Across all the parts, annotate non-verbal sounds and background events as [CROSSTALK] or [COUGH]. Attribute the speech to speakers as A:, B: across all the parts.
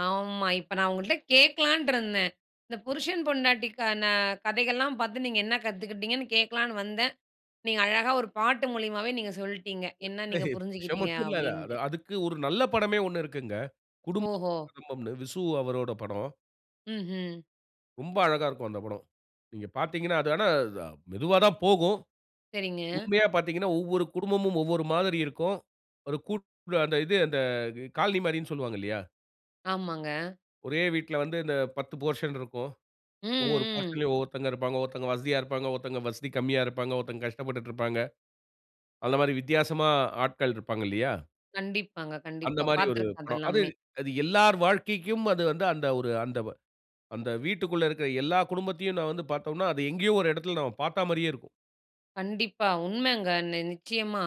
A: ஆமா இப்ப நான் உங்கட்ட கேட்கலான்னு இருந்தேன். இந்த புருஷன், பொண்டாட்டிக்கான கதைகள்லாம் பாத்து நீங்க என்ன கத்துக்கிட்டீங்கன்னு கேட்கலான்னு வந்தேன். நீங்க அழகா ஒரு பாட்டு மூலியமாவே நீங்க சொல்லிட்டீங்க என்ன நீங்க
B: [UNINTELLIGIBLE] இது
A: புரிஞ்சுக்கிட்டிங்க
B: மட்டும் இல்ல.
A: அப்படின்ட்டு.
B: அதுக்கு ஒரு நல்ல படமே ஒண்ணு இருக்குங்க. குடும்பம்
A: ஓஹோ!
B: ஒரு குடும்பம்ன்னு விசு அவரோட படம்.
A: ம்ஹ்ம்.
B: ரொம்ப அழகா இருக்கும் அந்த படம். நீங்க பாத்தீங்கன்னா அது ஆனா மெதுவா தான் போகும்.
A: சரிங்க.
B: உண்மையா பாத்தீங்கன்னா ஒவ்வொரு குடும்பமும், ஒவ்வொரு மாதிரி இருக்கும். ஒரு கூட்டு அந்த இது அந்த காலனி மாரின்னு சொல்வாங்க இல்லையா.
A: ஆமாங்க.
B: ஒரே வீட்டில வந்து இந்த 10 போர்ஷன் இருக்கும். ஒவ்வொரு
A: ம்.
B: போர்ஷன்லயும் ஒவ்வொருத்தவங்க இருப்பாங்க. ஒவ்வருத்தவங்க வசதியா இருப்பாங்க, ஒருத்தவங்க வசதி கம்மியா இருப்பாங்க. ஒருத்தர் கஷ்டப்பட்டுருப்பாங்க. அந்த மாரி வித்தியாசமா ஆட்கள் இருப்பாங்கல்லயா.
A: கண்டிப்பாங்க,
B: அந்த
A: கண்டிப்பா.
B: மாரி ஒரு
A: பாத்துருக்கேன் அத
B: படம். அது
A: எல்லாமே.
B: அது எல்லார் வாழ்க்கைக்கும் அது வந்து அந்த ஒரு அந்த அந்த வீட்டிற்குள்ள இருக்கிற எல்லா குடும்பத்தையும் நம்ப வந்து பாத்தோம்ன்னா, அது எங்கேயோ ஒரு இடத்தில நம்ப பார்த்த மாரியே இருக்கும்.
A: கண்டிப்பா. உண்மைங்க. நிச்சயமா.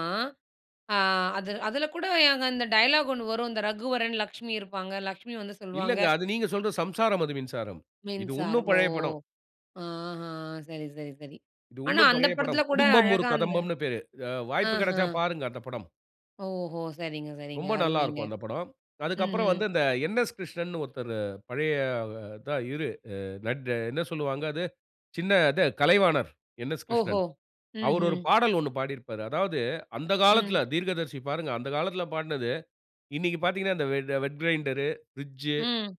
A: அ அது அதுல கூட இந்த டயலாக் ஒண்ணு வரும் இந்த ரகுவரன், லட்சுமி இருப்பாங்க, லட்சுமி வந்து சொல்லுவாங்க.
B: இல்லங்க. அது நீங்க சொல்ற "சம்சாரம் அது மின்சாரம்". இது இன்னும்
A: மின்சாரம் ஓ.
B: பழைய படம்.
A: ஆஹா சரி, சரி, சரி.
B: இது
A: ஆனா
B: இன்னும்
A: அந்த
B: பழைய படம்.
A: படத்தில கூட
B: "குடும்பம் ஒரு
A: அழகா அந்த
B: கதம்பம்ன்னு பேரு." அ வாய்ப்பு
A: ஆஹ.
B: கிடைச்சா பாருங்க அந்த படம்.
A: ஓஹோ! சரிங்க. சரிங்க.
B: ரொம்ப நல்லா
A: அருமைங்க
B: இருக்கும் அந்த படம். அதுக்கப்புறம்
A: ம்ஹ்ம்.
B: வந்து இந்த என்எஸ். கிருஷ்ணன்னு ஒருத்தரு பழைய அ அத்தா இரு என்ன சொல்வாங்க? அது சின்ன அது கலைவாணர் என்எஸ்.
A: ஓஹோ.
B: கிருஷ்ணன். அவர் ஒரு
A: ம்ஹ்ம்.
B: பாடல் ஒண்ணு பாடியிருப்பாரு. அதாவது அந்த
A: ம்.
B: காலத்துல தீர்க்கதரிசி பாருங்க, அந்த காலத்தில பாடினது. இன்னைக்கு பாத்தீங்கன்னா இந்த வெட் வெட் கிரைண்டர், பிரிட்ஜ்,
A: ம்.